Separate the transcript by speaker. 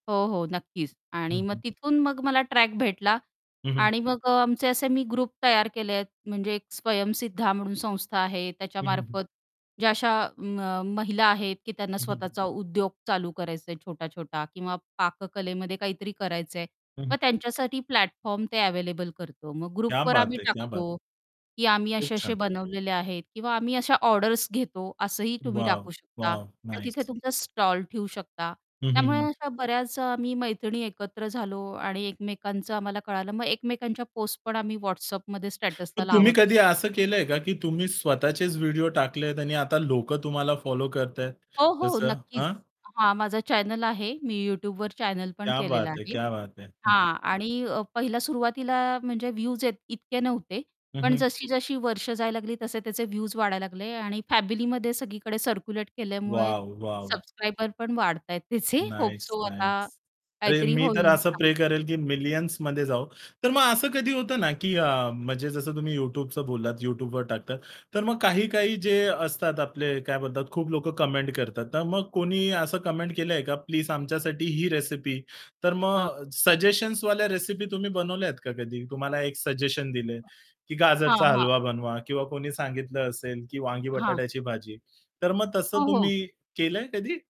Speaker 1: हो, हो. नक्कीच आणि
Speaker 2: हं,
Speaker 1: मग
Speaker 2: हं.
Speaker 1: तिथून मग मला ट्रॅक भेटला.
Speaker 2: हं, हं.
Speaker 1: आणि मग अ, आमचे असे मी ग्रुप तयार केले आहेत म्हणजे एक स्वयंसिद्धा म्हणून संस्था आहे
Speaker 2: हं, हं, हं.
Speaker 1: त्याच्यामार्फत ज्या अशा अ, म महिला आहेत की त्यांना
Speaker 2: हं, हं, हं.
Speaker 1: स्वतःचा उद्योग चालू करायच आहे छोटा-छोटा किंवा पाककलेमध्ये काहीतरी करायचंय
Speaker 2: हं, हं.
Speaker 1: मग त्यांच्यासाठी प्लॅटफॉर्म ते अव्हेलेबल करतो मग
Speaker 2: क्या
Speaker 1: ग्रुपवर
Speaker 2: बात
Speaker 1: आम्ही
Speaker 2: है! क्या बात है.
Speaker 1: टाकतो, की आम्ही
Speaker 2: खूप
Speaker 1: असे असे
Speaker 2: छान.
Speaker 1: बनवलेले आहेत किंवा आम्ही अशा ऑर्डर्स घेतो असंही तुम्ही
Speaker 2: वॉव,
Speaker 1: टाकू शकता
Speaker 2: वॉव.
Speaker 1: आणि तिथे
Speaker 2: नाईस.
Speaker 1: तुमचा स्टॉल ठेऊ शकता.
Speaker 2: हं, हं,
Speaker 1: त्यामुळे
Speaker 2: हं.
Speaker 1: अशा बऱ्याच अ, आम्ही मैत्रिणी एकत्र झालो आणि एकमेकांचं आम्हाला कळालं मग एकमेकांच्या पोस्ट पण आम्ही WhatsAppमध्ये स्टेटसला
Speaker 2: मग तुम्ही
Speaker 1: लावत असतो.
Speaker 2: कधी असं केलंय का की तुम्ही स्वतःचेच व्हिडिओ टाकलेत आणि आता लोकं तुम्हाला फॉलो करताहेत
Speaker 1: हो, हो.
Speaker 2: तसं
Speaker 1: नक्कीच.
Speaker 2: हां?
Speaker 1: हा माझा चॅनल आहे मी YouTubeवर चॅनल पण
Speaker 2: क्या
Speaker 1: केलेलं
Speaker 2: बात है!
Speaker 1: आहे.
Speaker 2: क्या बात है.
Speaker 1: हां. आणि पहिल्या सुरुवातीला म्हणजे व्हयूझ इतके नव्हते
Speaker 2: हं,
Speaker 1: पण
Speaker 2: हं.
Speaker 1: जशी जशी वर्षं जायला लागली तसे त्याचे व्हयूझ वाढायला लागले आणि फॅमिलीमध्ये सगळीकडे सर्क्युलेट केल्यामुळे
Speaker 2: वॉव, वॉव.
Speaker 1: सबस्क्रायबर पण वाढताहेत त्याचे होप
Speaker 2: नाईस,
Speaker 1: सो आता
Speaker 2: नाईस. अरे
Speaker 1: काहीतरी
Speaker 2: मी तर
Speaker 1: होईल
Speaker 2: असं प्रे
Speaker 1: चांगल.
Speaker 2: करेल, की मिलियन्स मध्ये जाऊ. तर मग असं कधी होतं ना अ, की म्हणजे जसं तुम्ही YouTubeच बोललात, YouTubeवर टाकतात तर मग काही-काही जे असतात आपले काय बोलतात खूप लोक कमेंट करतात. तर मग कोणी असं कमेंट केलंय का प्लीज आमच्यासाठी ही रेसिपी, तर
Speaker 1: हां.
Speaker 2: मग सजेशन्सवाल्या रेसिपी तुम्ही बनवल्यात का कधी तुम्हाला एक सजेशन दिलं की
Speaker 1: हां,
Speaker 2: गाजरचा
Speaker 1: हां.
Speaker 2: हलवा बनवा किंवा कोणी सांगितलं असेल की वांगी
Speaker 1: हां.
Speaker 2: बटाट्याची भाजी. तर मग तसं
Speaker 1: हो, हो.
Speaker 2: तुम्ही केलंय कधी?